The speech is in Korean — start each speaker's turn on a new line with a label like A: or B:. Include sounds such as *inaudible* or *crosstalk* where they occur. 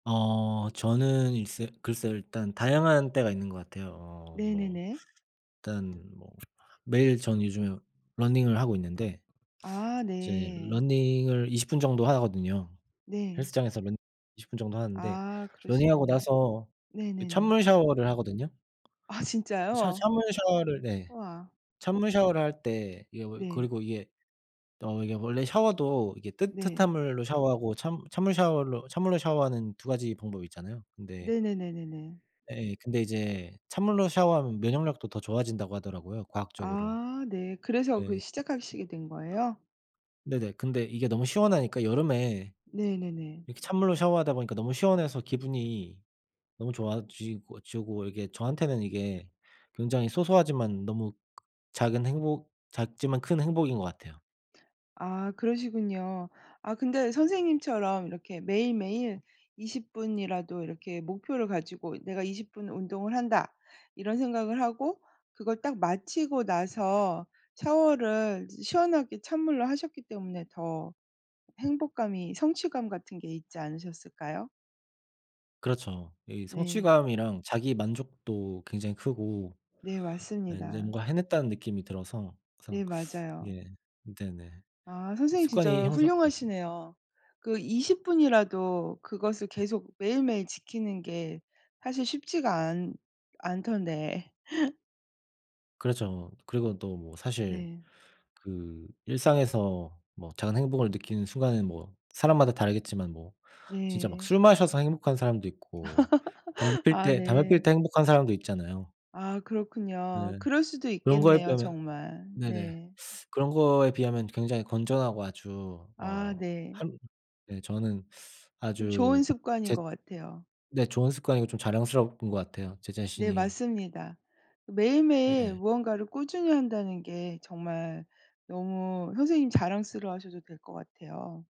A: 어 저는 일쎄 글쎄요 일단 다양한 때가 있는 것 같아요. 어 뭐
B: 네네네.
A: 일단 뭐 매일 전 요즘에 러닝을 하고 있는데
B: 아.
A: 이제
B: 네.
A: 러닝을 20 정도 하거든요.
B: 네.
A: 헬스장에서 맨날 20 정도 하는데
B: 아.
A: 러닝하고
B: 그러시군요.
A: 나서 그
B: 네네네.
A: 찬물 샤워를 하거든요.
B: 아
A: 샤
B: 진짜요?
A: 찬물 샤워를 네
B: 우와.
A: 찬물 샤워를 할 때 이게 뭐
B: 네.
A: 그리고 이게 어 이게 원래 샤워도 이게 뜨뜻한
B: 네.
A: 물로 샤워하고 찬 찬물 샤워로 찬물로 샤워하는 2 방법이 있잖아요. 근데
B: 네네네네네.
A: 예. 근데 이제 찬물로 샤워하면 면역력도 더 좋아진다고 하더라고요 과학적으로.
B: 아. 네. 그래서 그
A: 예.
B: 시작하시게 된 거예요?
A: 네네. 근데 이게 너무 시원하니까 여름에
B: 네네네.
A: 이렇게 찬물로 샤워하다 보니까 너무 시원해서 기분이 너무 좋아지고 지고 이게 저한테는 이게 굉장히 소소하지만 너무 작은 행복 작지만 큰 행복인 것 같아요.
B: 아 그러시군요. 아 근데 선생님처럼 이렇게 매일매일 20 이라도 이렇게 목표를 가지고 '내가 20 운동을 한다.' 이런 생각을 하고 그걸 딱 마치고 나서 샤워를 시원하게 찬물로 하셨기 때문에 더 행복감이 성취감 같은 게 있지 않으셨을까요?
A: 그렇죠. 이
B: 네.
A: 성취감이랑 자기 만족도 굉장히 크고
B: 네.
A: 예 인제
B: 맞습니다.
A: 뭔가 해냈다는 느낌이 들어서
B: 네.
A: 항상
B: 맞아요.
A: 예 네네.
B: 아. 선생님
A: 습관이
B: 진짜
A: 형성 예.
B: 훌륭하시네요. 그 20 이라도 그것을 계속 매일매일 지키는 게 사실 쉽지가 않 않던데. *laughs*
A: 그렇죠. 그리고 또 뭐 사실
B: 네.
A: 그 일상에서 뭐 작은 행복을 느끼는 순간은 뭐 사람마다 다르겠지만 뭐 진짜 막
B: 네.
A: 술 마셔서 행복한 사람도 있고 담배
B: *laughs*
A: 필
B: 아
A: 때 담배 피울
B: 네.
A: 때 행복한 사람도 있잖아요.
B: 아 그렇군요.
A: 네.
B: 그럴 수도
A: 그런 거에
B: 있겠네요
A: 비하면
B: 정말.
A: 네네.
B: 네.
A: 그런 거에 비하면 굉장히 건전하고 아주
B: 아.
A: 어
B: 네.
A: 한 네 저는
B: 좀
A: 아주
B: 좋은 습관인
A: 제
B: 것 같아요.
A: 네 좋은 습관이고 좀 자랑스러운 것 같아요 제
B: 네.
A: 자신이.
B: 맞습니다. 매일매일
A: 네.
B: 무언가를 꾸준히 한다는 게 정말 너무 선생님 자랑스러워 하셔도 될 것 같아요.